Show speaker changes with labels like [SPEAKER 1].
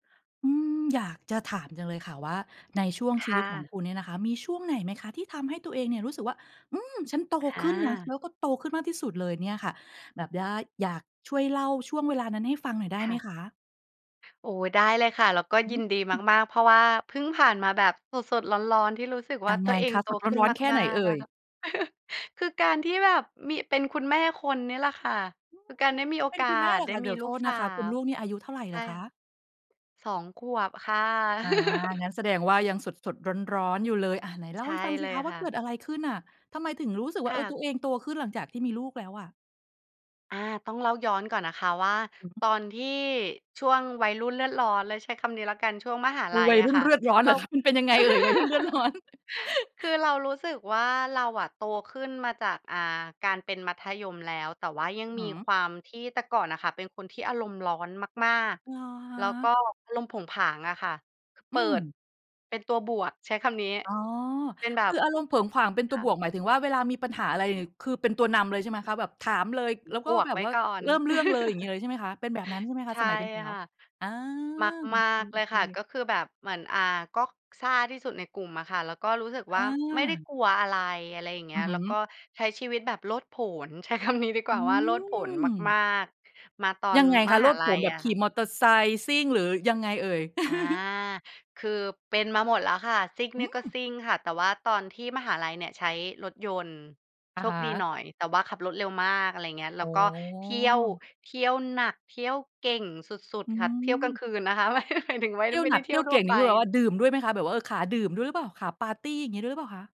[SPEAKER 1] อืม อยากจะถามจังเลยค่ะว่า ในช่วง
[SPEAKER 2] ค
[SPEAKER 1] ชีว
[SPEAKER 2] ่
[SPEAKER 1] ิตของค
[SPEAKER 2] ะ
[SPEAKER 1] ุณเนี่ยนะคะ มีช่วงไหนไหมคะที่ทำให้ตัวเองเนี่ย รู้สึกว่า อืม ฉันโต
[SPEAKER 2] อ
[SPEAKER 1] ขึ้นนะ แล
[SPEAKER 2] า
[SPEAKER 1] ้วก็โตขึ้นมากที่สุดเลยเนี่ยค่ะ แบบว่าอยาก ช่วยเล่าช่วงเวลานั้นให้ฟังหน่อยได้
[SPEAKER 2] ค
[SPEAKER 1] ไห
[SPEAKER 2] ่
[SPEAKER 1] ม
[SPEAKER 2] ะ
[SPEAKER 1] คะ?
[SPEAKER 2] โอ้ ได้เลยค่ะ แล้วก็
[SPEAKER 1] อื
[SPEAKER 2] ยินดี
[SPEAKER 1] ม
[SPEAKER 2] มาก ๆ เพราะว่าเพิ่งผ่านมาแบบสด ๆ ร้อน ๆ ที่รู้สึกว
[SPEAKER 1] ย
[SPEAKER 2] ่
[SPEAKER 1] ั
[SPEAKER 2] า
[SPEAKER 1] ง
[SPEAKER 2] ต
[SPEAKER 1] ไ
[SPEAKER 2] ั
[SPEAKER 1] ง
[SPEAKER 2] วเอ
[SPEAKER 1] ค
[SPEAKER 2] ง
[SPEAKER 1] ะ
[SPEAKER 2] โต
[SPEAKER 1] สด
[SPEAKER 2] ขึ้น
[SPEAKER 1] ร้อน ๆ แค่ไ
[SPEAKER 2] ม
[SPEAKER 1] ห
[SPEAKER 2] า
[SPEAKER 1] นเ
[SPEAKER 2] ก
[SPEAKER 1] อ
[SPEAKER 2] ๆ
[SPEAKER 1] ่
[SPEAKER 2] อะ
[SPEAKER 1] ย?
[SPEAKER 2] ค่ะ คือการที่แบบมี เป็นคุณแม่คนนี่แหละค่ะ
[SPEAKER 1] อือ
[SPEAKER 2] คือการได้มีโอ
[SPEAKER 1] เป็
[SPEAKER 2] ก
[SPEAKER 1] น
[SPEAKER 2] า
[SPEAKER 1] คุณแม่
[SPEAKER 2] ส
[SPEAKER 1] เหรอ
[SPEAKER 2] ได้
[SPEAKER 1] คะ เ
[SPEAKER 2] ม
[SPEAKER 1] ด
[SPEAKER 2] ี
[SPEAKER 1] ี๋ยวโ
[SPEAKER 2] ลู
[SPEAKER 1] ท
[SPEAKER 2] ก
[SPEAKER 1] ษ
[SPEAKER 2] ส
[SPEAKER 1] น
[SPEAKER 2] า
[SPEAKER 1] ะคะ คุณ
[SPEAKER 2] ว
[SPEAKER 1] ลูกนี่อายุเท่าไร
[SPEAKER 2] ใ
[SPEAKER 1] เ
[SPEAKER 2] ช
[SPEAKER 1] หร
[SPEAKER 2] ่
[SPEAKER 1] อค
[SPEAKER 2] ค่
[SPEAKER 1] ะ?
[SPEAKER 2] ะ 2 ขวบค่ะ
[SPEAKER 1] อา งั้นแสดงว่ายังสด ๆ ร้อน ๆ อยู่เลย อ่า ไหนเล
[SPEAKER 2] ใ
[SPEAKER 1] ่
[SPEAKER 2] ช
[SPEAKER 1] าใ
[SPEAKER 2] ่
[SPEAKER 1] ห้ฟังส
[SPEAKER 2] เ
[SPEAKER 1] ิ
[SPEAKER 2] ล
[SPEAKER 1] ค
[SPEAKER 2] ย
[SPEAKER 1] ะว่
[SPEAKER 2] ค
[SPEAKER 1] า
[SPEAKER 2] ่
[SPEAKER 1] เกิ
[SPEAKER 2] ะ
[SPEAKER 1] ดอะไรขึ้นน่ะ ทำไมถึงรู้สึกว
[SPEAKER 2] ค
[SPEAKER 1] ่า เอ
[SPEAKER 2] ่
[SPEAKER 1] ่อ
[SPEAKER 2] ะ
[SPEAKER 1] ตัวเองโตขึ้นหลังจากที่มีลูกแล้วอะ?
[SPEAKER 2] อา ต้องเล่าย้อนก่อนนะคะว่า
[SPEAKER 1] อือฮึ
[SPEAKER 2] ตอนที่ช่วงวัยรุ่นเลือดร้อนเลยใช้คำนี้แล้วกัน ช่วงมหา
[SPEAKER 1] ก
[SPEAKER 2] ล
[SPEAKER 1] ู
[SPEAKER 2] ั
[SPEAKER 1] ว
[SPEAKER 2] ย
[SPEAKER 1] ัย
[SPEAKER 2] อ
[SPEAKER 1] ร
[SPEAKER 2] ะ
[SPEAKER 1] ุ่น
[SPEAKER 2] ค่ะ
[SPEAKER 1] เลือดร้อน
[SPEAKER 2] เ
[SPEAKER 1] เ
[SPEAKER 2] ร
[SPEAKER 1] หร
[SPEAKER 2] า
[SPEAKER 1] อคะ? มันเป็นยังไง เอ่ย วัยรุ่นเลือดร้อน?
[SPEAKER 2] คือเรารู้สึกว่าเราอะโตขึ้นมาจาก อ่า การเป็นมัธยมแล้ว แต่ว่ายัง
[SPEAKER 1] อื้อฮ
[SPEAKER 2] มี
[SPEAKER 1] ือ
[SPEAKER 2] ความที่ แต่ก่อนอะค่ะเป็นคนที่อารมณ์ร้อนมาก
[SPEAKER 1] เหรอค
[SPEAKER 2] ๆ แล้วก็
[SPEAKER 1] ะ?
[SPEAKER 2] อารมณ์โผงผางอะค่ะ เป
[SPEAKER 1] อื
[SPEAKER 2] ิด
[SPEAKER 1] ม
[SPEAKER 2] เป็นตัวบวก ใช้คำนี้
[SPEAKER 1] อ๋อ
[SPEAKER 2] เป็นแบ
[SPEAKER 1] ค
[SPEAKER 2] บ
[SPEAKER 1] ืออารมณ์เผิงผางเป็นต
[SPEAKER 2] ค
[SPEAKER 1] ัว
[SPEAKER 2] ่
[SPEAKER 1] บ
[SPEAKER 2] ะ
[SPEAKER 1] วก หมายถึงว่าเวลามีปัญหาอะไร คือเป็นตัวนำเลยใช่ไหมคะ? แบบถามเลย แล้วก
[SPEAKER 2] บ
[SPEAKER 1] ็
[SPEAKER 2] ว
[SPEAKER 1] แ
[SPEAKER 2] ก
[SPEAKER 1] บ
[SPEAKER 2] ไ
[SPEAKER 1] บ
[SPEAKER 2] ว้
[SPEAKER 1] ว่า
[SPEAKER 2] ก่อน
[SPEAKER 1] เริ่มเรื่องเลย อย่างงี้เลยใช่ไหมคะ? เป็นแบบนั้นใช่ไหมค
[SPEAKER 2] ใ
[SPEAKER 1] ะ
[SPEAKER 2] ช
[SPEAKER 1] ส
[SPEAKER 2] ่
[SPEAKER 1] มัยเป็นสาว?
[SPEAKER 2] ค่ะ
[SPEAKER 1] อา โอ
[SPEAKER 2] มาก ๆ เลย
[SPEAKER 1] เค
[SPEAKER 2] ค่ะ
[SPEAKER 1] ๆ
[SPEAKER 2] ก็คือแบบเหมือน อ่า ก็ซ่าที่สุดในกลุ่มอะค่ะ แล้วก็รู้สึก
[SPEAKER 1] อ
[SPEAKER 2] ว่า ไม่ได้
[SPEAKER 1] า
[SPEAKER 2] กลัวอะไร อะไรอย่างเง
[SPEAKER 1] อ
[SPEAKER 2] ี้
[SPEAKER 1] ือ
[SPEAKER 2] ย
[SPEAKER 1] ฮ
[SPEAKER 2] แล้ว
[SPEAKER 1] ึ
[SPEAKER 2] ก็ใช้ชีวิตแบบโลดโผน ใช้ คำ นี้ดีก
[SPEAKER 1] อ
[SPEAKER 2] ว
[SPEAKER 1] ื
[SPEAKER 2] ่าว่าโลดโผนม
[SPEAKER 1] ม
[SPEAKER 2] าก ๆ มาตอ
[SPEAKER 1] ย
[SPEAKER 2] น
[SPEAKER 1] ังไง
[SPEAKER 2] ม
[SPEAKER 1] คะ โล
[SPEAKER 2] หา
[SPEAKER 1] ด
[SPEAKER 2] ล
[SPEAKER 1] โผ
[SPEAKER 2] ั
[SPEAKER 1] น
[SPEAKER 2] ย
[SPEAKER 1] แบ
[SPEAKER 2] อ
[SPEAKER 1] บ
[SPEAKER 2] ะ
[SPEAKER 1] ข
[SPEAKER 2] ค
[SPEAKER 1] ี
[SPEAKER 2] ่ะ
[SPEAKER 1] ่มอเตอร์ไซค์ซิ่ง หรือยังไงเอ่ย?
[SPEAKER 2] อา คือเป็นมาหมดแล้วค่ะ ซิ่ง
[SPEAKER 1] อ
[SPEAKER 2] เ
[SPEAKER 1] ื
[SPEAKER 2] นี่ยก็
[SPEAKER 1] ม
[SPEAKER 2] ซิ่งค่ะ แต่ว่าตอนที่มหาลัยเนี่ยใช้รถยนต์
[SPEAKER 1] อะ
[SPEAKER 2] โช
[SPEAKER 1] ฮ
[SPEAKER 2] คดี
[SPEAKER 1] ะ
[SPEAKER 2] หน่อย แต่ว่าขับรถเร็วมาก อะไรอย่างเงี้ย แ
[SPEAKER 1] อ
[SPEAKER 2] ล
[SPEAKER 1] ๋
[SPEAKER 2] ้ว
[SPEAKER 1] อ
[SPEAKER 2] ก็เที่ยว เที่ยวหนัก เที่ยวเก่งสุด
[SPEAKER 1] อื
[SPEAKER 2] ๆ ค่ะ เที่ยวกล
[SPEAKER 1] ม
[SPEAKER 2] างคืนนะคะ ไม่ หมายถึงไม่
[SPEAKER 1] เที่ยว
[SPEAKER 2] ไม่
[SPEAKER 1] หน
[SPEAKER 2] ไ
[SPEAKER 1] ั
[SPEAKER 2] ด้
[SPEAKER 1] ก
[SPEAKER 2] เท
[SPEAKER 1] เท
[SPEAKER 2] ี
[SPEAKER 1] ี
[SPEAKER 2] ่ย
[SPEAKER 1] ่ย
[SPEAKER 2] ว
[SPEAKER 1] ว
[SPEAKER 2] ท
[SPEAKER 1] เ
[SPEAKER 2] ั
[SPEAKER 1] ก
[SPEAKER 2] ่ว
[SPEAKER 1] ่ง นี
[SPEAKER 2] ไป
[SPEAKER 1] ่คือแบบว่าดื่มด้วยไหมคะ? แบบว่า เออ ขาดื่มด้วยหรือเปล่า? ขาปาร์ตี อย่างงี้ด้วยหรือเปล่าคะ?